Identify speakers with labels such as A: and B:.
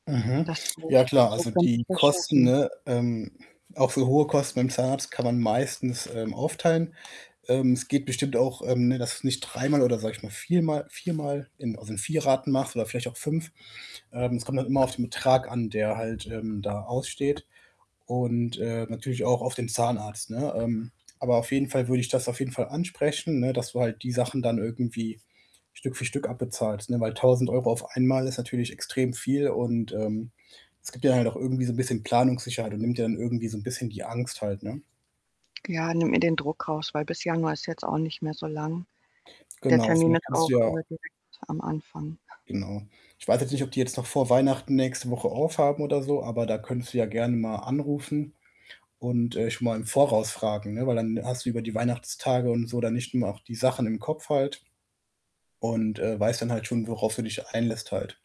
A: Mhm.
B: Das
A: Ja
B: [unintelligible]
A: klar,
B: und so
A: also
B: könnte
A: die
B: ich das
A: Kosten,
B: schaffen.
A: ne, ähm, auch voll hohe Kosten beim Zahnarzt kann man meistens, ähm, aufteilen. Ähm, es geht bestimmt auch, ähm, ne, dass du's nicht dreimal oder, sage ich mal, viermal viermal in also in 4 Raten machst oder vielleicht auch 5. Ähm, es kommt dann immer auf den Betrag an, der halt, ähm, da aussteht, und, äh, natürlich auch auf den Zahnarzt, ne? Ähm, aber auf jeden Fall würde ich das auf jeden Fall ansprechen, ne, dass du halt die Sachen dann irgendwie Stück für Stück abbezahlst, ne, weil, 1.000 € auf einmal ist natürlich extrem viel und, ähm, es gibt dir halt auch irgendwie so 'n bisschen Planungssicherheit und nimmt dir dann irgendwie so 'n bisschen die Angst halt, ne?
B: Ja, nimmt mir den Druck raus, weil bis Januar ist jetzt auch nicht mehr so lang. Der
A: Genau,
B: Termin
A: vielleicht
B: ist
A: kannst
B: auch,
A: du ja
B: äh, direkt am Anfang.
A: Genau. Ich weiß jetzt nicht, ob die jetzt noch vor Weihnachten nächste Woche aufhaben oder so, aber da könntest du ja gerne mal anrufen und, äh, schon mal im Voraus fragen, ne, weil, dann hast du über die Weihnachtstage und so dann nicht immer auch die Sachen im Kopf halt und, äh, weißt dann halt schon, worauf du dich einlässt halt.